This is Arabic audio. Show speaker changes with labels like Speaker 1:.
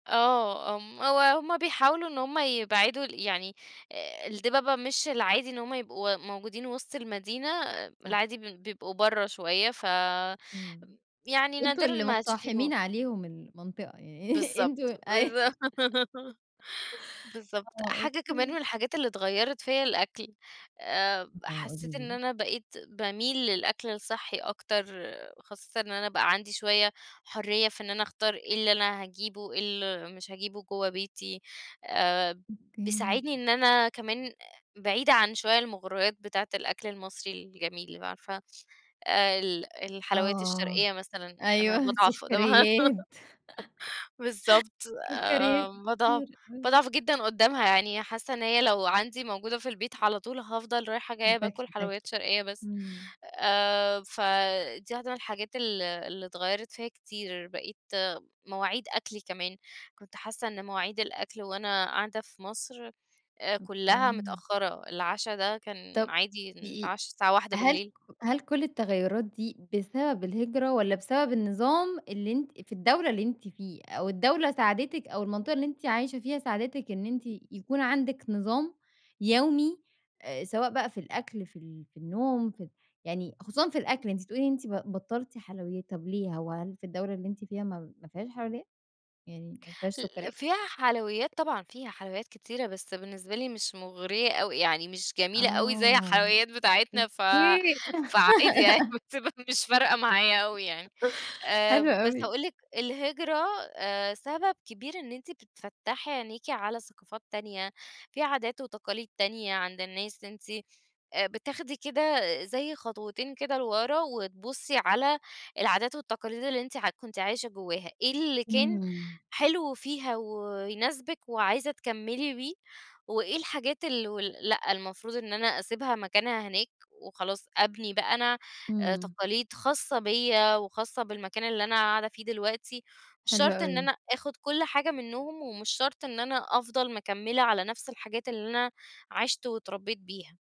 Speaker 1: آه ام هو هُم بيحاولوا إن هُم يبعدوا ال يعني آآ، الدِبَبة مش العادي إن هُم يبقوا موجودين وسط المدينة،
Speaker 2: صح.
Speaker 1: العادي بيد بيبقوا برّه شويّة ف
Speaker 2: امم،
Speaker 1: يعني
Speaker 2: أنتم
Speaker 1: نادرًا
Speaker 2: اللي
Speaker 1: ما هاتشوفيهم.
Speaker 2: مُقتحِمين عليهم المنطقة،
Speaker 1: بالضبط،
Speaker 2: أنتم أيوه.
Speaker 1: بالضبط، بالضبط،
Speaker 2: آه،
Speaker 1: حاجة كمان من
Speaker 2: أوكي.
Speaker 1: الحاجات اللي اتغيرت فيا الأكل، آآ،
Speaker 2: آه، قولي
Speaker 1: حسّيت
Speaker 2: لي
Speaker 1: إن
Speaker 2: بقى.
Speaker 1: أنا بقيت باميل للأكل الصحّي أكتر، خاصةً إن أنا بقى عندي شويّة حريّة في إن أنا أختار إيه اللي أنا هاجيبه، إيه اللي مش هاجيبه جوّه بيتي، آآ،
Speaker 2: أوكي.
Speaker 1: بيساعدني إن أنا كمان آآ، بعيدة عن شويّة المغُريّات بتاعة الأكل المصري الجميل اللي هو عارفة آآ، ال الحلوات
Speaker 2: آه،
Speaker 1: الشرقيّة مثلًا، أنا
Speaker 2: أيوه،
Speaker 1: باضعف قدامها.
Speaker 2: سُكريات.
Speaker 1: بالضبط آآ،
Speaker 2: سُكريات
Speaker 1: باضعف
Speaker 2: كتير، آه.
Speaker 1: باضعف جدًا قدامها يعني حاسّة إن هي لو عندي موجودة في البيت على طول هافضل رايحة جايّة
Speaker 2: هتاكلي
Speaker 1: باكل حلويّات
Speaker 2: تاكلي،
Speaker 1: شرقيّة بس،
Speaker 2: امم.
Speaker 1: آآ، ف دي واحدة من الحاجات ال اللي اتغيرت فيا كتير، بقيت مواعيد أكلي كمان، كنت حاسّة إن مواعيد الأكل وأنا قاعدة في مصر آآ، كلّها
Speaker 2: أوكي.
Speaker 1: متأخرة، العَشا ده كان
Speaker 2: طب
Speaker 1: عادي
Speaker 2: دقي
Speaker 1: نتعشى الساعة واحدة
Speaker 2: هل ك
Speaker 1: بالليل
Speaker 2: هل كل التغيرات دي بسبب الهجرة والّا بسبب النظام اللي أنتِ في الدولة اللي أنتِ فيها أو الدولة ساعدتِك أو المنطقة اللي أنتِ عايشة فيها ساعدتِك إن أنتِ يكون عندك نظام يومي، آآ، سواء بقى في الأكل في ال في النوم في ال يعني خصوصًا في الأكل أنتِ بتقولي أنتِ ب بطلتِ حلويّات، طب ليه وهل في الدولة اللي أنتِ فيها م ما فيهاش حلويّات، يعني ما فيهاش
Speaker 1: ال
Speaker 2: سُكريات؟
Speaker 1: فيها حلويّات طبعًا، فيها حلويّات كتيرة بس بالنسبة لي مش مُغريّة أوي، يعني مش جميلة أوي زي
Speaker 2: آه،
Speaker 1: الحلويّات بتاعتنا ف
Speaker 2: أوكي.
Speaker 1: فعادي يعني بتبقى مش فارقة معايا أوي يعني، آآ،
Speaker 2: حلو
Speaker 1: بس
Speaker 2: أوي.
Speaker 1: أقول لِك الهجرة آآ، سبب كبير إن أنتِ بتفتّحي عينيكِ على ثقافات تانية، في عادات وتقاليد تانية عند الناس أنتِ آآ، بتاخدي كده زي خطوتين كده لورا وتبُصي على العادات والتقاليد اللي أنتِ عت كُنتِ عايشة جوّاها، إيه اللي كان
Speaker 2: امم.
Speaker 1: حلو فيها ويناسبِك وعايزة تكملي بيه، وإيه الحاجات ال و لأ المفروض إن أنا أسيبها مكانها هناك، وخلاص أبني بقى أنا آآ،
Speaker 2: امم.
Speaker 1: تقاليد خاصة بيا وخاصة بالمكان اللي أنا قاعدة فيه دلوقتي، مش
Speaker 2: حلو
Speaker 1: شرط إن
Speaker 2: أوي.
Speaker 1: أنا آخد كل حاجة منّهم ومش شرط إن أنا أفضل مكمّلة على نفس الحاجات اللي أنا عِشت واتربيت بيها.